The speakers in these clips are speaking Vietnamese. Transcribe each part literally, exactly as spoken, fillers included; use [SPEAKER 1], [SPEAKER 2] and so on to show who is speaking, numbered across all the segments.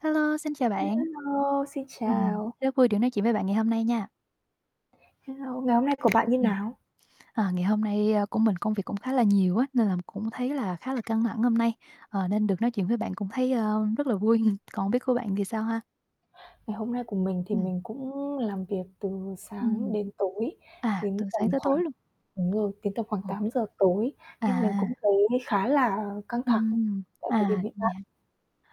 [SPEAKER 1] Hello, xin chào bạn.
[SPEAKER 2] Hello, xin
[SPEAKER 1] Ừm,
[SPEAKER 2] chào!
[SPEAKER 1] rất vui được nói chuyện với bạn ngày hôm nay nha.
[SPEAKER 2] Hello, ngày hôm nay của bạn như
[SPEAKER 1] Ừm.
[SPEAKER 2] nào?
[SPEAKER 1] À, ngày hôm nay, a, của mình công việc cũng khá là nhiều á, nên là m cũng thấy là khá là căng thẳng hôm nay, ờ, nên được nói chuyện với bạn cũng thấy, ơ, rất là vui. Còn không biết của bạn thì sao ha?
[SPEAKER 2] Ngày hôm nay của mình thì
[SPEAKER 1] Ừm.
[SPEAKER 2] mình cũng làm việc từ sáng
[SPEAKER 1] Ừm.
[SPEAKER 2] đến tối,
[SPEAKER 1] À,
[SPEAKER 2] đến
[SPEAKER 1] từ
[SPEAKER 2] tầm
[SPEAKER 1] sáng tới
[SPEAKER 2] khoảng
[SPEAKER 1] tối luôn?
[SPEAKER 2] đúng rồi, đến tầm khoảng
[SPEAKER 1] Ờ.
[SPEAKER 2] tám giờ tối, nên mình
[SPEAKER 1] À.
[SPEAKER 2] cũng thấy khá là căng thẳng
[SPEAKER 1] Ừm,
[SPEAKER 2] tại thời điểm
[SPEAKER 1] à,
[SPEAKER 2] hiện
[SPEAKER 1] vậy
[SPEAKER 2] tại.
[SPEAKER 1] hả?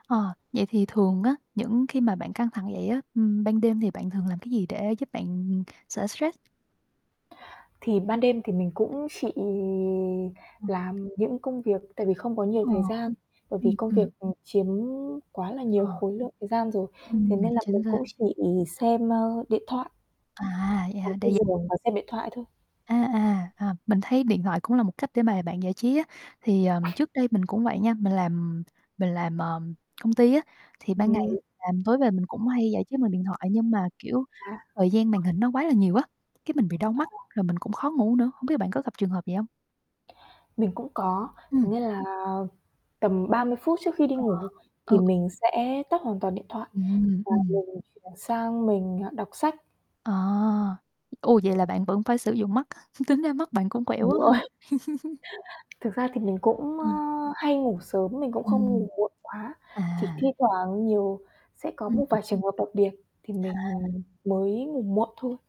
[SPEAKER 1] Ờ, vậy thì thường á, những khi mà bạn căng thẳng vậy á, ừm, ban đêm thì bạn thường làm cái gì để giúp bạn, ừm, ừm, xả stress?
[SPEAKER 2] Thì ban đêm thì mình cũng chỉ
[SPEAKER 1] Ờ.
[SPEAKER 2] làm những công việc tại vì không có nhiều
[SPEAKER 1] Ờ.
[SPEAKER 2] thời gian, bởi vì
[SPEAKER 1] Ừm,
[SPEAKER 2] công việc,
[SPEAKER 1] ừm.
[SPEAKER 2] ừm, chiếm quá là nhiều
[SPEAKER 1] Ờ.
[SPEAKER 2] khối lượng thời gian rồi, thế
[SPEAKER 1] Ừm,
[SPEAKER 2] nên là mình
[SPEAKER 1] chính xác.
[SPEAKER 2] cũng chỉ xem, ơ, điện thoại.
[SPEAKER 1] À, vậy
[SPEAKER 2] Nằm
[SPEAKER 1] hả? Tại
[SPEAKER 2] trên
[SPEAKER 1] vì
[SPEAKER 2] giường và xem điện thoại thôi.
[SPEAKER 1] À, à, à, mình thấy điện thoại cũng là một cách để mà bạn giải trí á. Thì, ờm, trước đây mình cũng vậy nha, mình làm mình làm, ờ, công ty á, thì ban ngày
[SPEAKER 2] Ừm.
[SPEAKER 1] làm tối về mình cũng hay giải trí bằng điện thoại, nhưng mà, kiểu,
[SPEAKER 2] À.
[SPEAKER 1] thời gian màn hình nó quá là nhiều á, cái mình bị đau
[SPEAKER 2] Ồ.
[SPEAKER 1] mắt, rồi mình cũng khó ngủ nữa, không biết là bạn có gặp trường hợp vậy hông?
[SPEAKER 2] Mình cũng có, thế
[SPEAKER 1] Ừm.
[SPEAKER 2] nên là tầm ba mươi phút trước khi đi ngủ,
[SPEAKER 1] Ờ,
[SPEAKER 2] thì
[SPEAKER 1] ừ.
[SPEAKER 2] mình sẽ tắt hoàn toàn điện thoại
[SPEAKER 1] Ừm,
[SPEAKER 2] và
[SPEAKER 1] ừm.
[SPEAKER 2] mình chuyển sang mình, ờ, đọc sách.
[SPEAKER 1] Ờ, ô, vậy là bạn vẫn phải sử dụng mắt, tính ra mắt bạn cũng khoẻ
[SPEAKER 2] Đúng
[SPEAKER 1] quá ha?
[SPEAKER 2] rồi. Thực ra thì mình cũng, á,
[SPEAKER 1] Ừ.
[SPEAKER 2] hay ngủ sớm, mình cũng không
[SPEAKER 1] Ừm.
[SPEAKER 2] ngủ muộn quá, chỉ
[SPEAKER 1] À.
[SPEAKER 2] thi thoảng nhiều sẽ có
[SPEAKER 1] Ừm.
[SPEAKER 2] một vài trường hợp đặc biệt thì mình,
[SPEAKER 1] À.
[SPEAKER 2] ừm, mới ngủ muộn thôi.